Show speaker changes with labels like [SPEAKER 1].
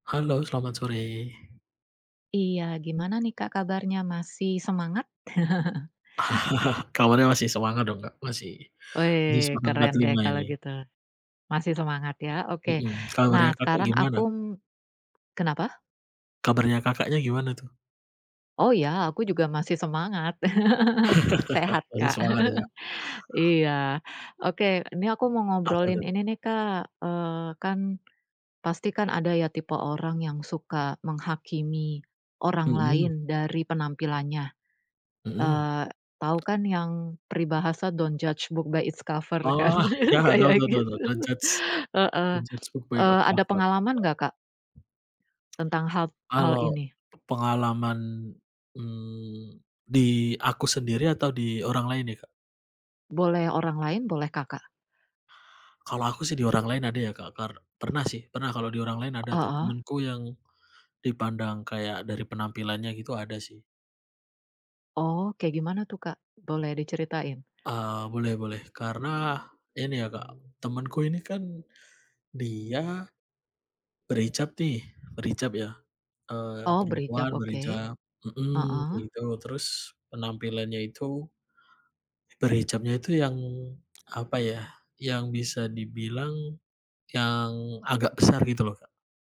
[SPEAKER 1] Halo, selamat sore.
[SPEAKER 2] Iya. Gimana nih Kak? Kabarnya. Masih semangat?
[SPEAKER 1] Kabarnya masih semangat dong, Kak. Masih. Masih
[SPEAKER 2] Weh!
[SPEAKER 1] semangat empat
[SPEAKER 2] Keren deh,
[SPEAKER 1] lima
[SPEAKER 2] kalo
[SPEAKER 1] ini.
[SPEAKER 2] gitu. Masih semangat ya? Oke.
[SPEAKER 1] Mhm.
[SPEAKER 2] Nah,
[SPEAKER 1] Kabarnya Kakak,
[SPEAKER 2] sekarang aku
[SPEAKER 1] gimana?
[SPEAKER 2] kenapa?
[SPEAKER 1] Kabarnya Kakaknya, gimana tuh?
[SPEAKER 2] Oh, ya. Aku juga masih semangat. Eee sehat,
[SPEAKER 1] Masih
[SPEAKER 2] Kak.
[SPEAKER 1] semangat, ya?
[SPEAKER 2] Iya. Oke. Ini aku mau
[SPEAKER 1] Apa tuh?
[SPEAKER 2] ngobrolin ini nih, Kak. Eee kan, pasti kan ada ya, tipe orang yang suka menghakimi orang
[SPEAKER 1] Heeh.
[SPEAKER 2] lain dari penampilannya.
[SPEAKER 1] Heeh.
[SPEAKER 2] Eee, tahu kan yang peribahasa, don't judge book by its cover, kan?
[SPEAKER 1] Oh, iya. Tahu
[SPEAKER 2] Kayak
[SPEAKER 1] tahu tahu tahu.
[SPEAKER 2] gitu.
[SPEAKER 1] Don't judge
[SPEAKER 2] Heeh.
[SPEAKER 1] don't judge book by
[SPEAKER 2] Eee,
[SPEAKER 1] its
[SPEAKER 2] ada
[SPEAKER 1] cover. Ya.
[SPEAKER 2] pengalaman nggak, Kak? Tentang hal hal
[SPEAKER 1] Kalo,
[SPEAKER 2] ini?
[SPEAKER 1] pengalaman eee, di aku sendiri, atau di orang lain nih Kak?
[SPEAKER 2] Boleh orang lain, boleh Kakak.
[SPEAKER 1] Kalau aku sih, di orang lain ada ya, Kak, kar pernah sih, pernah. Kalau di orang lain ada tuh.
[SPEAKER 2] Heeh.
[SPEAKER 1] Temenku yang dipandang kayak, dari penampilannya gitu ada sih.
[SPEAKER 2] Oh. Kayak gimana tuh, Kak? Boleh diceritain?
[SPEAKER 1] Eee, boleh boleh. Karena, ini ya Kak. Temen ku ini kan, dia berhijab nih, berhijab ya. Eee
[SPEAKER 2] Oh, berhijab.
[SPEAKER 1] perempuan
[SPEAKER 2] Oke.
[SPEAKER 1] berhijab mhm.
[SPEAKER 2] Heeh.
[SPEAKER 1] Gitu. Terus, penampilannya itu, berhijabnya itu yang apa ya, yang bisa dibilang, yang agak besar. Gitu loh, Kak.